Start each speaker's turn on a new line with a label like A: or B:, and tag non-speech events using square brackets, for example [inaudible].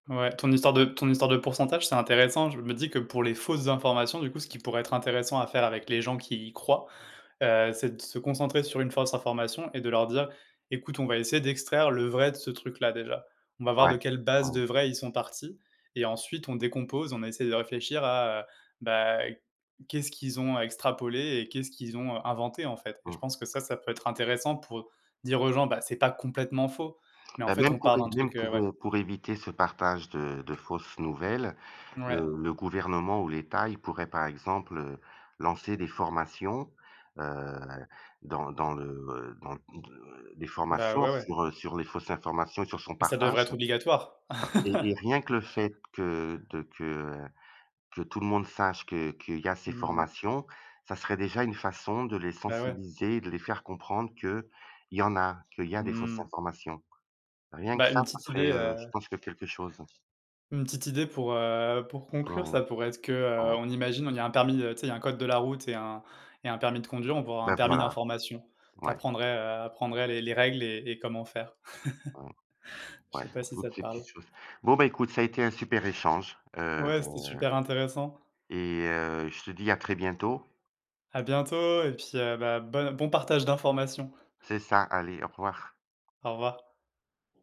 A: Ouais, ton histoire de ton histoire de pourcentage, c'est intéressant, je me dis que pour les fausses informations, du coup, ce qui pourrait être intéressant à faire avec les gens qui y croient, heu, c'est de se concentrer sur une fausse information et de leur dire: «Écoute, on va essayer d'extraire le vrai de ce truc-là, déjà. On va voir
B: Ouais.
A: de quelle base
B: Mmh.
A: de vrai, ils sont partis et ensuite on décompose, on essaye de réfléchir à, heu, bah, qu'est-ce qu'ils ont extrapolé et qu'est-ce qu'ils ont inventé», en fait et je
B: Mmh.
A: pense que ça, ça peut être intéressant pour dire aux gens: «Bah, c'est pas complètement faux mais, en
B: Bah,
A: fait,
B: même
A: on
B: pour
A: part
B: évi
A: d'un
B: même
A: truc», heu,
B: pour,
A: ouais.
B: heu, pour éviter ce partage de de fausses nouvelles,
A: Ouais.
B: heu, le gouvernement ou l'État, il pourrait, par exemple, heu, lancer des formations, heu, dans dans le, heu, dans, heu, des
A: Bah,
B: formations
A: ouais, ouais.
B: sur, heu, sur les fausses informations et sur son
A: Mais ça devrait
B: partage
A: être obligatoire!
B: et et
A: [chuckles]
B: rien que le fait que de que que tout le monde sache que qu'il y a ces
A: Mmh mh.
B: formations, ça serait déjà une façon de les
A: Bah, ouais.
B: sensibiliser et de les faire comprendre qu'il y en a, qu'il y a des fausses
A: Mmh.
B: informations, rien que
A: Bah,
B: ça
A: une
B: ce
A: petite
B: serait,
A: idée,
B: heu, je
A: heu
B: pense que quelque chose.
A: une petite idée pour, heu, pour conclure,
B: Ouais,
A: ça pourrait être que, heu,
B: ouais.
A: on imagine, on il y a un permis, heu, tu sais, il y a un code de la route et un et un permis de conduire, on pourrait avoir un
B: Bah,
A: permis
B: voilà,
A: d'information, tu
B: ouais.
A: apprendrais, heu, apprendrais les les règles et et comment faire.
B: Ouais,
A: [chuckles] Je
B: ouais,
A: sais pas si ça
B: toutes
A: te
B: ces
A: parle?
B: petites choses. Bon, ben, écoute ça a été un super échange, heu
A: Ouais, c'était super intéressant.
B: et heu, je te dis à très bientôt.
A: À bientôt et puis, heu, bah, bonne bon partage d'informations.
B: C'est ça, allez, au revoir.
A: Au revoir.